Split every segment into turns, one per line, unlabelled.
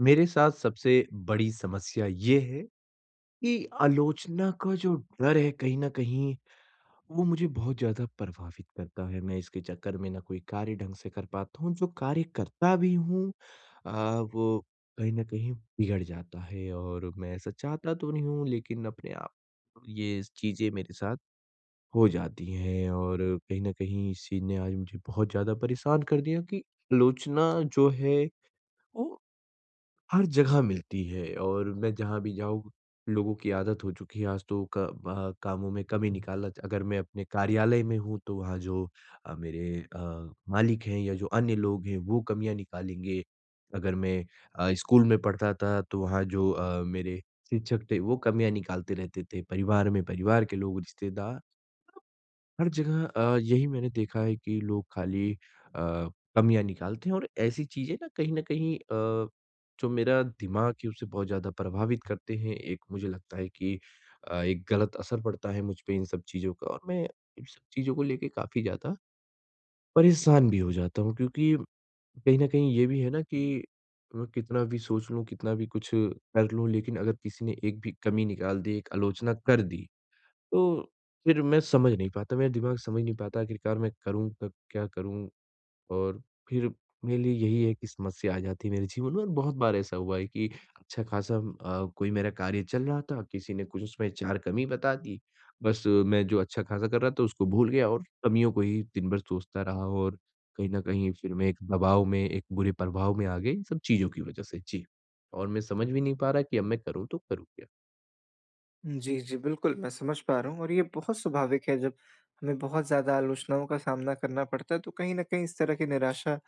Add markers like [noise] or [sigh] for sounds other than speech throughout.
मेरे साथ सबसे बड़ी समस्या ये है कि आलोचना का जो डर है कहीं न कहीं, वो मुझे बहुत ज़्यादा प्रभावित करता है। मैं इसके चक्कर में ना कोई कार्य ढंग से कर पाता हूँ जो कार्य करता भी हूँ अ, वो कहीं न कहीं बिगड़ जाता है और मैं ऐसा चाहता तो नहीं हूँ, लेकिन अपने आप ये स चीज़ें मेरे साथ हो जाती हैं और कहीं न कहीं इस चीज़ ने आज मुझे बहुत ज़्यादा परेशान कर दिया कि आलोचना जो है, वो हर जगह मिलती है और मैं जहाँ भी जाऊँ लोगों की आदत हो चुकी है आज तो क वहाँ कामों में कमी निकाला अगर मैं अपने कार्यालय में हूँ, तो वहाँ जो अ, मेरे अ, मालिक हैं या जो अन्य लोग हैं, वो कमियाँ निकालेंगे, अगर मैं अ, स्कूल में पढ़ता था तो वहाँ जो अ, मेरे शिक्षक थे वो कमियाँ निकालते रहते थे, परिवार में परिवार के लोग रिश्तेदार हर जगह अ, यही मैंने देखा है कि लोग खाली अ, कमियाँ निकालते हैं और ऐसी चीज़ें ना कहीं न कहीं अ, जो मेरा दिमाग है उसे बहुत ज़्यादा प्रभावित करते हैं, एक मुझे लगता है कि अ, एक गलत असर पड़ता है मुझ पे इन सब चीज़ों का और मैं इन सब चीज़ों को लेके काफ़ी ज़्यादा, परेशान भी हो जाता हूँ क्योंकि कहीं न कहीं ये भी है ना कि, मैं कितना भी सोच लूँ, कितना भी कुछ कर लूँ, लेकिन अगर किसी ने एक भी कमी निकाल दी, एक आलोचना कर दी, तो फिर मैं समझ नहीं पाता मेरा दिमाग समझ नहीं पाता आखिरकार मैं करूँ तो क्या करूँ? और फिर मेरे लिए यही है कि समस्या आ जाती है मेरे जीवन में और बहुत बार ऐसा हुआ है कि अच्छा खासा अ, कोई मेरा कार्य चल रहा था, किसी ने कुछ उसमें चार कमी बता दी, बस मैं जो अच्छा खासा कर रहा था उसको भूल गया और कमियों को ही दिन भर सोचता रहा और कहीं न कहीं फिर मैं एक दबाव में, एक बुरे प्रभाव में आ गए इन सब चीज़ों की वजह से, जी। और मैं समझ भी नहीं पा रहा कि अब मैं करूँ तो करूँ क्या?
उम, जी, जी, बिल्कुल मैं समझ पा रहा हूँ और ये बहुत स्वाभाविक है जब हमें बहुत ज़्यादा आलोचनाओं का सामना करना पड़ता है तो कहीं न कहीं इस तरह की निराशा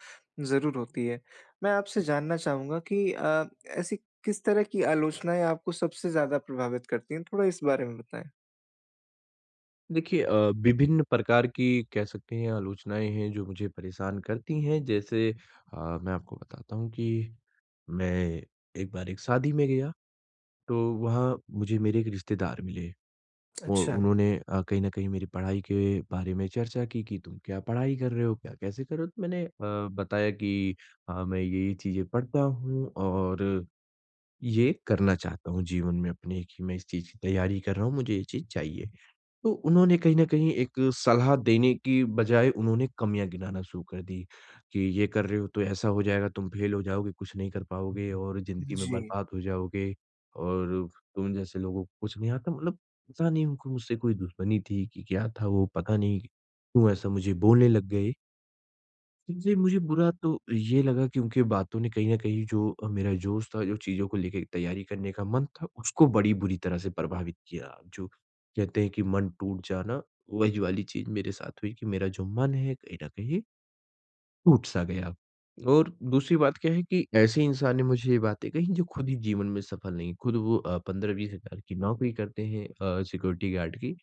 ज़रूर होती है। मैं आपसे जानना चाहूँगा कि अ, ऐसी किस तरह की आलोचनाएँ आपको सबसे ज़्यादा प्रभावित करती हैं, थोड़ा इस बारे में बताएँ?
देखिए अ, विभिन्न प्रकार की कह सकते हैं आलोचनाएँ हैं, जो मुझे परेशान करती हैं, जैसे अ, मैं आपको बताता हूँ कि मैं एक बार एक शादी में गया तो वहाँ मुझे मेरे एक रिश्तेदार मिले। और
अच्छा।
उन्होंने अ, कहीं न कहीं मेरी पढ़ाई के बारे में चर्चा की कि तुम क्या पढ़ाई कर रहे हो, क्या कैसे कर रहे हो? तो मैंने अ, बताया कि हाँ, मैं ये-ये चीज़ें पढ़ता हूँ और, ये करना चाहता हूँ जीवन में अपने कि मैं इस चीज़ की तैयारी कर रहा हूँ, मुझे ये चीज़ चाहिए। तो उन्होंने कहीं न कहीं एक सलाह देने की बज़ाए उन्होंने कमियाँ गिनाना शुरू कर दी कि, "ये कर रहे हो, तो ऐसा हो जाएगा, तुम फेल हो जाओगे, कुछ नहीं कर पाओगे और ज़िंदगी में
जी।
बर्बाद हो जाओगे और तुम जैसे लोगों को कुछ नहीं आता।" मतलब पता नहीं, उनको मुझसे कोई दुश्मनी थी कि क्या था, वो पता नहीं क्यों ऐसा मुझे बोलने लग गए? जी, मुझे बुरा तो ये लगा क्योंकि बातों ने कहीं न कहीं जो अ, मेरा जोश था, जो चीज़ों को लेके एक तैयारी करने का मन था उसको बड़ी बुरी तरह से प्रभावित किया। जो कहते हैं कि मन टूट जाना, वही वाली चीज़ मेरे साथ हुई कि मेरा जो मन है कहीं न कहीं टूट-सा गया। और दूसरी बात क्या है कि ऐसे इंसान ने मुझे ये बातें कहीं जो ख़ुद ही जीवन में सफ़ल नहीं, ख़ुद वो अ, 15-20 हज़ार की नौकरी करते हैं अ, सिक्योरिटी गार्ड की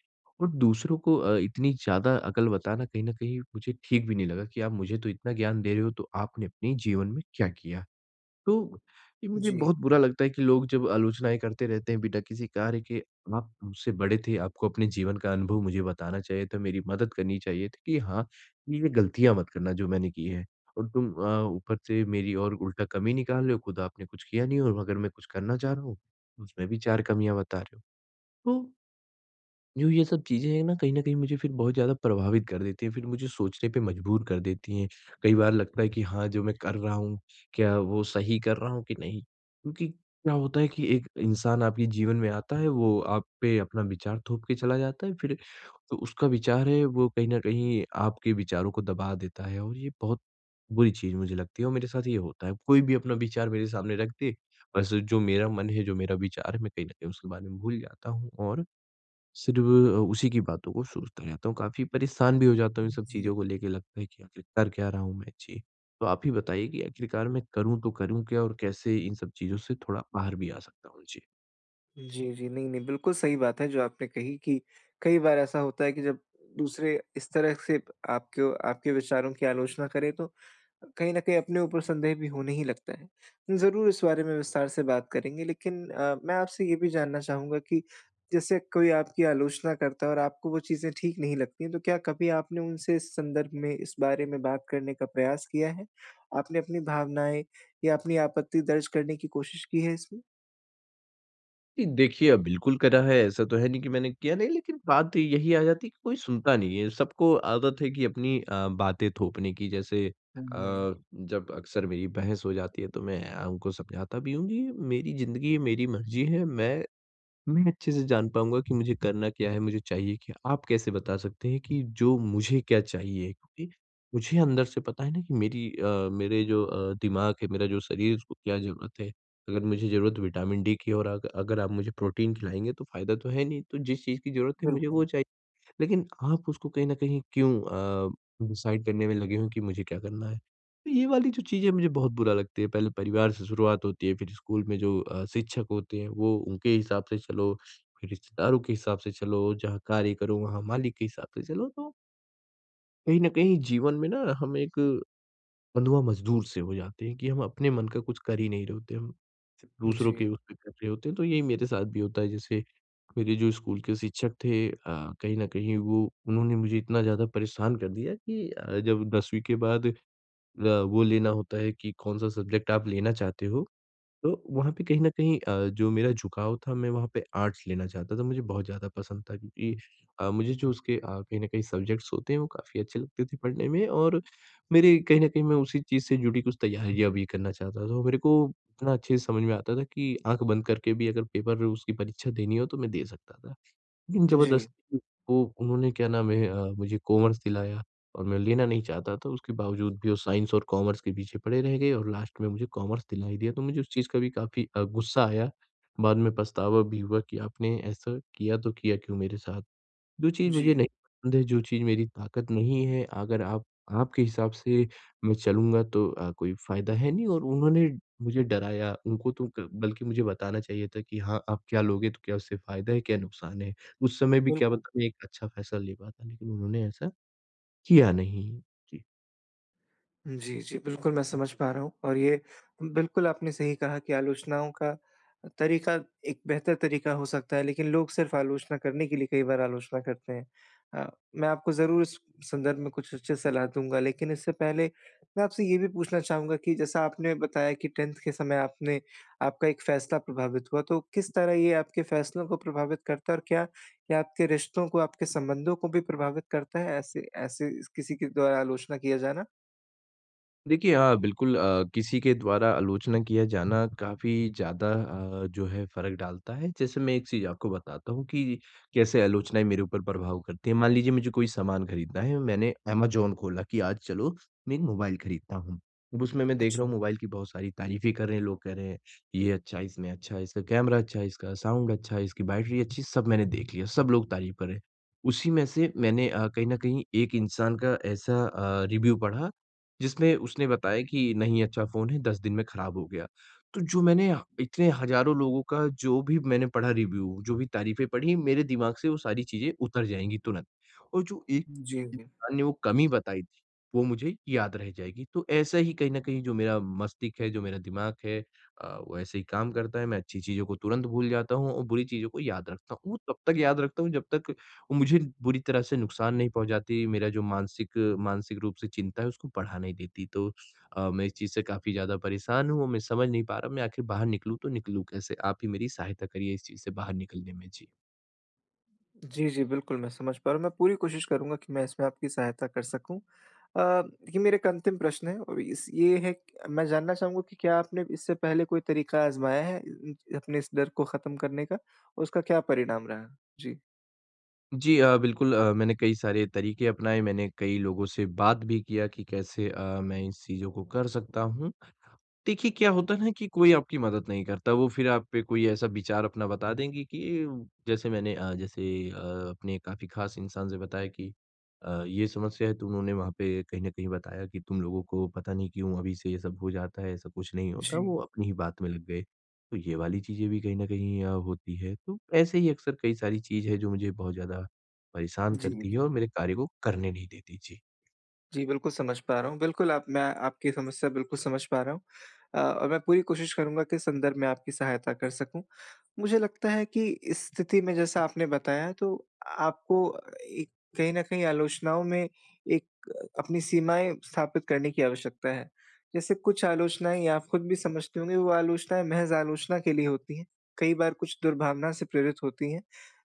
और दूसरों को अ, इतनी ज़्यादा अकल बताना कहीं न कहीं मुझे ठीक भी नहीं लगा कि आप मुझे तो इतना ज्ञान दे रहे हो, तो आपने अपने जीवन में क्या किया। तो, ये मुझे
जी।
बहुत बुरा लगता है कि लोग जब आलोचनाएँ करते रहते हैं बिना किसी कार्य के। आप मुझसे बड़े थे, आपको अपने जीवन का अनुभव मुझे बताना चाहिए था, मेरी मदद करनी चाहिए थी कि हाँ, ए, वे गलतियाँ मत करना जो मैंने की हैं। और तुम अ, ऊपर से मेरी और उल्टा कमी निकाल रहे हो, खुद आपने कुछ किया नहीं और अगर मैं कुछ करना चाह रहा हूँ, तो उसमें भी चार कमियाँ बता रहे हो। तो जो ये सब चीज़ें हैं न कहीं न कहीं मुझे फ़िर बहुत ज़्यादा प्रभावित कर देती हैं, फ़िर मुझे सोचने पे मजबूर कर देती हैं। कई बार लगता है कि हाँ, जो मैं कर रहा हूँ क्या वो सही कर रहा हूँ कि नहीं? क्योंकि क्या होता है कि एक इंसान आपके जीवन में आता है, वो आप पे अपना विचार थोप के चला जाता है। फ़िर तो उसका विचार है वो कहीं न कहीं आपके विचारों को दबा देता है और ये बहुत बुरी चीज़ मुझे लगती है और मेरे साथ ये होता है। कोई भी अपना विचार मेरे सामने रख दे बस जो मेरा मन है, जो मेरा विचार है मैं कहीं न कहीं उसके बारे में भूल जाता हूँ और सिर्फ़ अ, उसी की बातों को सोचता रहता हूँ, काफ़ी परेशान भी हो जाता हूँ इन
उम,
सब
जी।
चीज़ों को लेके लगता है कि आखिर कर क्या रहा हूँ मैं? जी, तो आप ही बताइए कि आखिरकार मैं करूँ तो करूँ क्या? और कैसे इन सब चीज़ों से थोड़ा बाहर भी आ सकता हूँ? जी।
जी, जी, नहीं-नहीं बिल्कुल सही बात है जो आपने कही कि कई बार ऐसा होता है कि जब दूसरे इस तरह से आपको आपके विचारों की आलोचना करें तो, कहीं न कहीं अपने ऊपर संदेह भी होने ही लगता है। ज़रूर इस बारे में विस्तार से बात करेंगे, लेकिन अ, मैं आपसे ये भी जानना चाहूँगा कि जैसे कोई आपकी आलोचना करता है और आपको वो चीज़ें ठीक नहीं लगती हैं तो क्या कभी आपने उनसे इस संदर्भ में, इस बारे में बात करने का प्रयास किया है? आपने अपनी भावनाएँ या अपनी आपत्ति दर्ज करने की कोशिश की है इसमें?
जी, देखिए अ, बिल्कुल करा है ऐसा तो है नहीं कि मैंने किया नहीं लेकिन बात यही आ जाती है कि कोई सुनता नहीं है। सबको आदत है कि अपनी अ, बातें थोपने की जैसे अ,
हुँ, मैं
जब अक्सर मेरी बहस हो जाती है तो मैं अ, उनको समझाता भी हूँ कि मेरी ज़िंदगी है, मेरी मर्जी है मैं, मैं अच्छे से जान पाऊँगा कि मुझे करना क्या है, मुझे चाहिए क्या? आप कैसे बता सकते हैं कि जो मुझे क्या चाहिए कि मुझे अंदर से पता है ना कि मेरी अ, मेरे जो अ, दिमाग है, मेरा जो शरीर है उसको क्या ज़रूरत है। अगर मुझे ज़रूरत विटामिन डी की और अग अगर आप मुझे प्रोटीन खिलाएँगे तो फायदा तो है नहीं। तो जिस चीज़ की ज़रूरत है मुझे
बिल्कुल।
वो चाहिए। लेकिन आप उसको कहीं न कहीं क्यों अ, डिसाइड करने में लगे हो कि मुझे क्या करना है। तो ये वाली जो चीज़ें मुझे बहुत बुरा लगती है पहले परिवार से शुरुआत होती है, फिर स्कूल में जो अ, शिक्षक होते हैं वो उनके हिसाब से चलो, फिर रिश्तेदारों के हिसाब से चलो, जहाँ कार्य करो वहाँ मालिक के हिसाब से चलो तो कहीं न कहीं जीवन में ना हम एक, बंधुआ मजदूर से हो जाते हैं कि हम अपने मन का कुछ कर ही नहीं रहे होते हम, च दूसरों के
जी।
उस पे कर रहे होते हैं, तो यही मेरे साथ भी होता है, जैसे मेरे जो स्कूल के शिक्षक थे अ, कहीं न कहीं वो उन्होंने मुझे इतना ज़्यादा परेशान कर दिया कि अ, जब दसवीं के बाद अ, वो लेना होता है कि कौन-सा सब्ज़ेक्ट आप लेना चाहते हो? तो वहाँ पे कहीं न कहीं अ, जो मेरा झुकाव था मैं वहाँ पे आर्ट्स लेना चाहता था। मुझे बहुत ज़्यादा पसंद था क्योंकि अ, मुझे जो उसके अ, कहीं न कहीं सब्ज़ेक्ट्स होते हैं वो काफ़ी अच्छे लगते थे, पढ़ने में और मेरे कहीं न कहीं मैं उसी चीज़ से जुड़ी कुछ तैयारियाँ भी करना चाहता था। वो मेरे को इतना अच्छे से समझ में आता था कि आँख बंद करके भी अगर पेपर में उसकी परीक्षा देनी हो तो मैं दे सकता था। लेकिन
जी।
ज़बरदस्ती वो उन्होंने क्या नाम है? अ, मुझे कॉमर्स दिलाया और मैं लेना नहीं चाहता था, उसके बावजूद भी वो साइंस और कॉमर्स के पीछे पड़े रह गए और लास्ट में मुझे कॉमर्स दिला ही दिया, तो मुझे उस चीज़ का भी काफ़ी अ, गुस्सा आया। बाद में पछतावा भी हुआ कि आपने ऐसा किया, तो किया क्यों मेरे साथ? जो चीज़ मुझे
जी।
नहीं पसंद है, जो चीज़ मेरी ताकत नहीं है, अगर आप आपके हिसाब से मैं चलूँगा तो अ, कोई फायदा है नहीं और उन्होंने मुझे डराया। उनको तो क बल्कि मुझे बताना चाहिए था कि हाँ आप क्या लोगे? तो क्या उससे फायदा है? क्या नुकसान है? उस समय भी क्या
बिल्कुल।
पता मैं एक अच्छा फैसला ले पाता, लेकिन उन्होंने ऐसा किया नहीं। जी।
जी, जी, बिल्कुल, मैं समझ पा रहा हूँ, और ये बिल्कुल आपने सही कहा कि आलोचनाओं का अ, तरीक़ा एक बेहतर तरीक़ा हो सकता है, लेकिन लोग सिर्फ़ आलोचना करने के लिए कई बार आलोचना करते हैं। अ, मैं आपको ज़रूर इस संदर्भ में कुछ उचित सलाह दूँगा, लेकिन इससे पहले मैं आपसे ये भी पूछना चाहूँगा कि जैसा आपने बताया कि 10th के समय आपने आपका एक फ़ैसला प्रभावित हुआ। तो किस तरह ये आपके फ़ैसलों को प्रभावित करता, और क्या ये आपके रिश्तों को, आपके संबंधों को भी प्रभावित करता है, ऐसे ऐसे इस किसी के द्वारा आलोचना किया जाना?
देखिए, हाँ, बिल्कुल अ, किसी के द्वारा आलोचना किया जाना काफ़ी ज़्यादा अ, जो है फ़र्क डालता है। जैसे मैं एक चीज़ आपको बताता हूँ कि कैसे आलोचनाएँ मेरे ऊपर प्रभाव करती हैं। मान लीजिए मुझे कोई सामान ख़रीदना है, मैंने अमेज़न खोला कि आज चलो, मैं एक मोबाइल ख़रीदता हूँ। अब उसमें मैं देख रहा हूँ
अच्छा।
मोबाइल की बहुत सारी तारीफ़ें कर रहे हैं, लोग कह रहे हैं, [sniffs] "ये अच्छा है, इसमें अच्छा, इसका कैमरा अच्छा है, इसका साउंड अच्छा है, इसकी बैटरी अच्छी है।" सब मैंने देख लिया, सब लोग तारीफ़ कर रहें। उसी में से मैंने अ, कहीं न कहीं एक इंसान का ऐसा अ, रिव्यू पढ़ा, जिसमें उसने बताया कि, "नहीं अच्छा फ़ोन है, 10 दिन में ख़राब हो गया।" तो जो मैंने ह इतने हज़ारों लोगों का जो भी मैंने पढ़ा रिव्यू, जो भी तारीफ़ें पढ़ीं, मेरे दिमाग़ से वो सारी चीज़ें उतर जाएँगी तुरंत। और जो एक
जी, उन्हें
इंसान ने वो कमी बताई थी, वो मुझे याद रह जाएगी। तो ऐसा ही कहीं न कहीं जो मेरा मस्तिष्क है, जो मेरा दिमाग़ है अ, वो ऐसे ही काम करता है। मैं अच्छी चीज़ों को तुरंत भूल जाता हूँ और बुरी चीज़ों को याद रखता हूँ। वो तब तक याद रखता हूँ जब तक वो मुझे बुरी तरह से नुक़सान नहीं पहुँचाती, मेरा जो मानसिक मानसिक रूप से चिंता है, उसको बढ़ा नहीं देती। तो अ, मैं इस चीज़ से काफ़ी ज़्यादा परेशान हूँ, और मैं समझ नहीं पा रहा, मैं आख़िर बाहर निकलूँ तो निकलूँ कैसे। आप ही मेरी सहायता करिए इस चीज़ से बाहर निकलने में। जी।
जी, जी, बिल्कुल, मैं समझ पा रहा हूँ। मैं पूरी कोशिश करूँगा कि मैं इसमें आपकी सहायता कर सकूँ। अ, देखिए मेरा एक अंतिम प्रश्न है और इस ये है मैं जानना चाहूँगा कि क्या आपने इससे पहले कोई तरीका आज़माया है अ इंच अपने इस डर को खत्म करने का? और उसका क्या परिणाम रहा? जी।
जी अ, बिल्कुल। अ, मैंने कई सारे तरीक़े अपनाए, मैंने कई लोगों से बात भी किया कि कैसे अ, मैं इन चीज़ों को कर सकता हूँ। देखिए क्या होता है ना कि कोई आपकी मदद नहीं करता। वो फिर आप पे कोई ऐसा विचार अपना बता देंगे कि जैसे मैंने अ, जैसे अ, अपने काफ़ी ख़ास इंसान से बताया कि, अ, ये समस्या है तो उन्होंने वहाँ पे कहीं न कहीं बताया कि "तुम लोगों को पता नहीं क्यों अभी से ये सब हो जाता है, ऐसा कुछ नहीं होता।"
जी।
वो अपनी ही बात में लग गए। तो ये वाली चीज़ें भी कहीं न कहीं अ, होती है। तो ऐसे ही अक्सर कई सारी चीज़ है जो मुझे बहुत ज़्यादा परेशान
जी,
करती है और
जी।
मेरे कार्य को करने नहीं देती। जी।
जी बिल्कुल, समझ पा रहा हूँ। बिल्कुल आप मैं आपकी समस्या बिल्कुल समझ पा रहा हूँ। अ, और मैं पूरी कोशिश करूँगा कि इस संदर्भ में आपकी सहायता कर सकूँ। मुझे लगता है कि इस स्थिति में जैसा आपने बताया तो, आपको एक कहीं न कहीं आलोचनाओं में एक अपनी सीमाएँ स्थापित करने की आवश्यकता है। जैसे कुछ आलोचनाएँ या आप खुद भी समझते होंगे वो आलोचनाएँ महज़ आलोचना के लिए होती हैं। कई बार कुछ दुर्भावना से प्रेरित होती हैं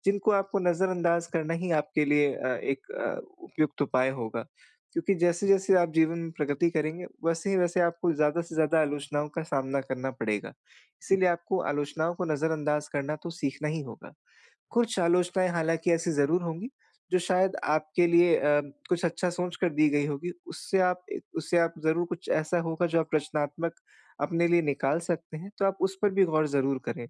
जिनको आपको नज़रअंदाज़ करना ही आपके लिए अ, एक उपयुक्त उपाय होगा। क्योंकि जैसे-जैसे आप जीवन में प्रगति करेंगे वैसे ही वैसे आपको ज़्यादा से ज़्यादा आलोचनाओं का सामना करना पड़ेगा। इसीलिए आपको आलोचनाओं को नज़रअंदाज़ करना तो सीखना ही होगा। कुछ आलोचनाएँ हालाँकि ऐसी ज़रूर होंगी, जो शायद आपके लिए अ, कुछ अच्छा सोच कर दी गई होंगी उससे आप ए, उससे आप ज़रूर कुछ ऐसा होगा जो आप रचनात्मक अपने लिए निकाल सकते हैं। तो आप उस पर भी गौर ज़रूर करें।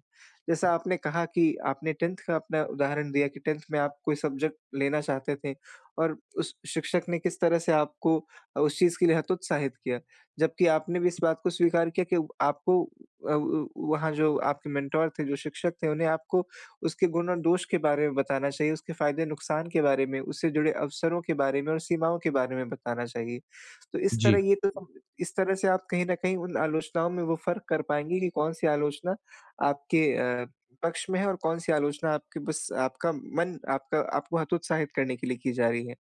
जैसा आपने कहा कि आपने 10th का अपना उदाहरण दिया कि 10th में आप कोई सब्जेक्ट लेना चाहते थे और उस शिक्षक ने किस तरह से आपको अ, उस चीज़ के लिए हतोत्साहित किया। जबकि आपने भी इस बात को स्वीकार किया कि आपको अ उ वहाँ जो आपके मेंटर थे जो शिक्षक थे उन्हें आपको उसके गुण और दोष के बारे में बताना चाहिए, उसके फ़ायदे-नुक़सान के बारे में, उससे जुड़े अवसरों के बारे में और सीमाओं के बारे में बताना चाहिए। तो इस
जी।
तरह ये तो समझें इस तरह से आप कहीं न कहीं उन आलोचनाओं में वो फ़र्क कर पाएँगे कि कौन-सी आलोचना आपके अ, पक्ष में है और कौन-सी आलोचना आपके बस आपका मन आपका आपको हतोत्साहित करने के लिए की जा रही है।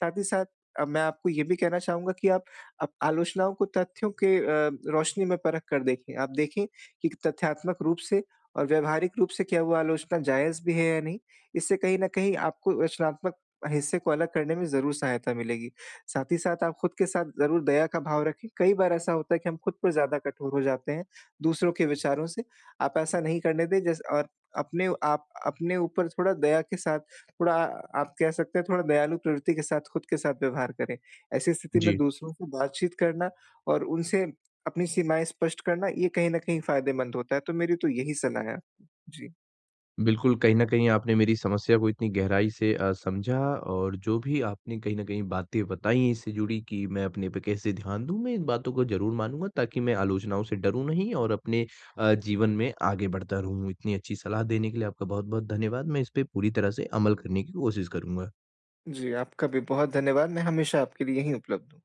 साथ ही साथ अ, मैं आपको ये भी कहना चाहूँगा कि आप आप आलोचनाओं को तथ्यों के अ, रोशनी में परख कर देखें। आप देखें कि एक तथ्यात्मक रूप से और व्यावहारिक रूप से क्या वो आलोचना जायज़ भी है या नहीं। इससे कहीं न कहीं आपको रचनात्मक हिस्से को अलग करने में ज़रूर सहायता मिलेगी। साथ ही साथ आप खुद के साथ ज़रूर दया का भाव रखें। कई बार ऐसा होता है कि हम खुद पे ज़्यादा कठोर हो जाते हैं दूसरों के विचारों से आप ऐसा नहीं करने दें जैसे और अपने आप अपने ऊपर थोड़ा दया के साथ थोड़ा आप कह सकते हैं थोड़ा दयालु प्रवृत्ति के साथ खुद के साथ व्यवहार करें। ऐसी स्थिति में
जी।
दूसरों को बातचीत करना और उनसे अपनी सीमाएँ स्पष्ट करना ये कहीं न कहीं फ़ायदेमंद होता है। तो मेरी तो यही सलाह है। जी।
बिल्कुल। कहीं न कहीं आपने मेरी समस्या को इतनी गहराई से अ, समझा। और जो भी आपने कहीं न कहीं बातें बताईं इससे जुड़ीं कि मैं अपने पे कैसे ध्यान दूँ, मैं इन बातों को ज़रूर मानूँगा ताकि मैं आलोचनाओं से डरूँ नहीं और अपने अ, जीवन में आगे बढ़ता रहूँ। इतनी अच्छी सलाह देने के लिए आपका बहुत-बहुत धन्यवाद। मैं इसपे पूरी तरह से अमल करने की कोशिश करूँगा।
जी, आपका भी बहुत धन्यवाद। मैं हमेशा आपके लिए यहीं उपलब्ध हूँ।